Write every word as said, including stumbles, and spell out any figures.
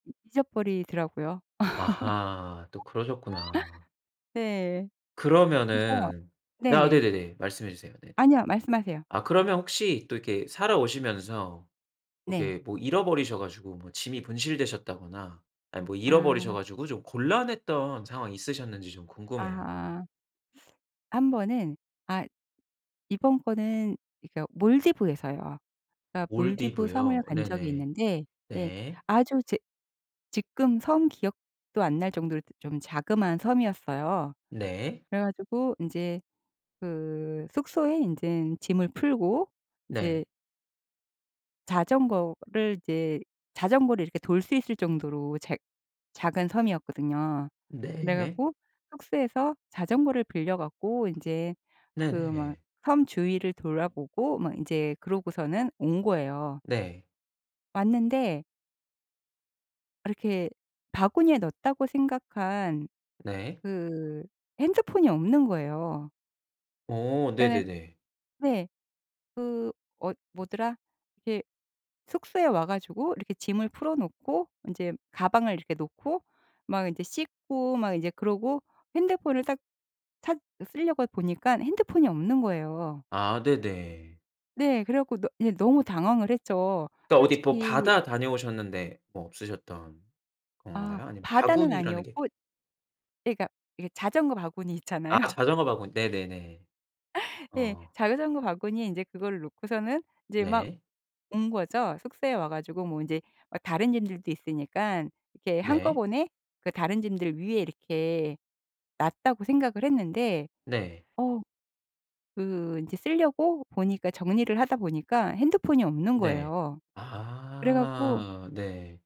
잊어버리더라고요. 아하 또 그러셨구나. 네 그래서 그러면은 아 네네. 네네네 말씀해 주세요. 네네 아니요 말씀하세요. 아 그러면 혹시 또 이렇게 살아오시면서 네. 이렇게 뭐 잃어버리셔 가지고 뭐 짐이 분실되셨다거나 아 뭐 잃어버리셔 아. 가지고 좀 곤란했던 상황이 있으셨는지 좀 궁금해요. 아. 한 번은 아 이번 거는 그러니까 몰디브에서요. 그러니까 몰디브 섬을 몰디브요? 간 적이 네네 있는데 예 네. 아주 제 지금 섬 기억도 안 날 정도로 그 좀 자그마한 섬이었어요. 네. 그래 가지고 인제 그 숙소에 인제 짐을 풀고 네. 인제 자전거를 인제 자전거를 이렇게 돌 수 있을 정도로 작 작은 섬이었거든요. 그래 네. 갖고 숙소에서 자전거를 빌려 갖고 인제 그 막 네네. 섬 주위를 돌아보고 막 인제 그러고서는 온 거예요. 네. 왔는데 이렇게 '바구니에 넣었다.' 고 생각한 네. 그 핸드폰이 없는 거예요. 어 그러니까 네네네. 네 그 어 뭐더라? 이렇게 숙소에 와 가지고 이렇게 짐을 풀어놓고 인제 가방을 이렇게 놓고 막 인제 씻고 막 인제 그러고 핸드폰을 딱 찾 쓸려고 보니까 핸드폰이 없는 거예요. 아 네네. 네 그래 갖고 너무 그냥 당황을 했죠. 그러니까 어디 뭐 솔직히 바다 다녀오셨는데 뭐 없으셨던 아 건가요? 아니면 바다는 바구니라는 게 아니었고 예 그러니까 이게 자전거 바구니 아 있잖아요. 자전거 바구니 네네네 네 어. 자전거 바구니에 인제 그거를 놓고서는 인제 막 네. 온 거죠. 숙소에 와 가지고 뭐 인제 어 다른 짐들도 있으니까 '이렇게 네. 한꺼번에 그 다른 짐들 위에 이렇게 놨다.'고 생각을 했는데 네. 어 그 인제 쓸려고 보니까 정리를 하다 보니까 핸드폰이 없는 네 거예요. 그래 갖고 아 네.